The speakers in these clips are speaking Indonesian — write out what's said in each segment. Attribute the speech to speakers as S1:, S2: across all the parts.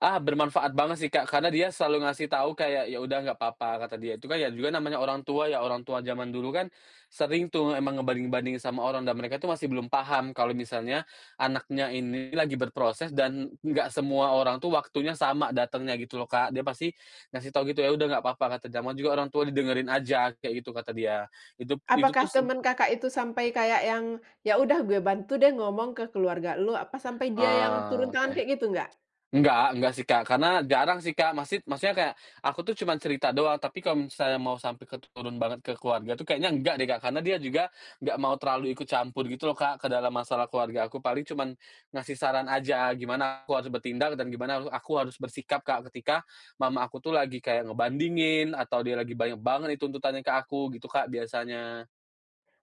S1: Ah, bermanfaat banget sih, Kak. Karena dia selalu ngasih tahu kayak, “Ya udah nggak papa,” kata dia. Itu kan ya juga namanya orang tua ya. Orang tua jaman dulu kan sering tuh emang ngebanding-bandingin sama orang. Dan mereka itu masih belum paham kalau misalnya anaknya ini lagi berproses, dan enggak semua orang tuh waktunya sama datangnya gitu loh, Kak. Dia pasti ngasih tahu gitu, “Ya udah nggak papa kata namanya orang tua didengerin aja,” kayak gitu kata dia. Itu itu
S2: Apakah
S1: tuh seb
S2: teman Kakak itu sampai kayak yang, “Ya udah, gue bantu deh ngomong ke keluarga lo,” apa sampai dia yang turun
S1: Oh oke.
S2: tangan kayak gitu, nggak?
S1: Enggak enggak sih, Kak. Karena jarang sih, Kak. Masid maksudnya kayak aku tuh cuman cerita doang. Tapi kalau misalnya mau sampai ke t turun banget ke keluarga tuh kayaknya enggak deh, Kak. Karena dia juga enggak mau terlalu ikut campur gitu loh, Kak, ke dalam masalah keluarga aku. Paling cuman ngasih saran aja, gimana aku harus bertindak dan gimana haru aku harus bersikap, Kak, ketika Mama aku tuh lagi kayak ngebandingin atau dia lagi banyak banget itu tuntutannya ke aku gitu, Kak, biasanya.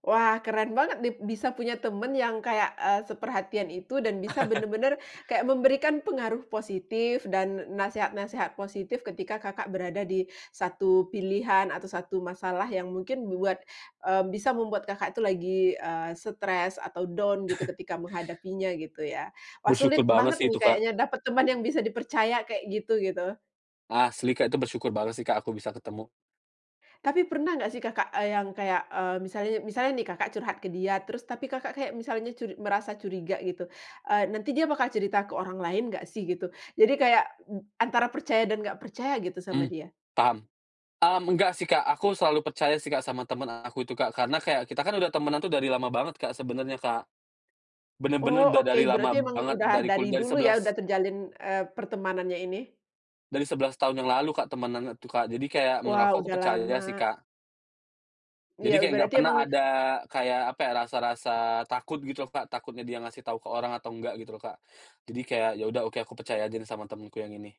S2: Wah, keren banget nih. Bisa punya teman yang kayak, eee, seperhatian itu dan bisa bener-bener kayak memberikan pengaruh positif dan n nasehat-nasehat positif ketika Kakak berada di satu pilihan atau satu masalah yang mungkin buat eee, bisa membuat Kakak itu lagi stres atau down gitu ketika menghadapinya gitu ya. Wah,
S1: Bersyukur
S2: sulit
S1: banget
S2: banget
S1: sih
S2: nih
S1: itu, Kak.
S2: kayaknya dapat teman yang bisa dipercaya kayak gitu, gitu.
S1: Asli, Kak, itu bersyukur banget sih, Kak, aku bisa ketemu.
S2: Tapi pernah nggak sih, Kakak, eee, yang kayak, eee, misal misalnya nih Kakak curhat ke dia terus, tapi Kakak kayak misalnya cur merasa curiga gitu. Eee, nanti dia bakal cerita ke orang lain nggak sih gitu? Jadi kayak mb antara percaya dan nggak percaya gitu sama
S1: Mmm,
S2: dia.
S1: paham. Mmm, enggak sih, Kak. Aku selalu percaya sih, Kak, sama temen aku itu, Kak. Karena kayak kita kan udah temenan tuh dari lama banget, Kak, sebenernya, Kak.
S2: Oh
S1: Bener-bener udah
S2: oke,
S1: dari
S2: berarti
S1: lama
S2: emang
S1: banget,
S2: udah
S1: dari
S2: dari
S1: kulia dari
S2: dulu ya
S1: sebelas
S2: udah terjalin, eee, pertemanannya ini?
S1: Dari 11 tahun yang lalu Kak, temenan tuh, Kak. Jadi kayak menurut
S2: Wow,
S1: aku aku
S2: sudah
S1: percaya sih,
S2: lama.
S1: Kak.
S2: Iya
S1: Jadi kayak nggak
S2: berarti
S1: pernah
S2: memang
S1: ada kayak, apa ya, rasa-rasa takut gitu, Kak, takutnya dia ngasih tau ke orang atau enggak gitu, Kak, jadi kayak ya udah oke aku percaya aja sama temenku yang ini.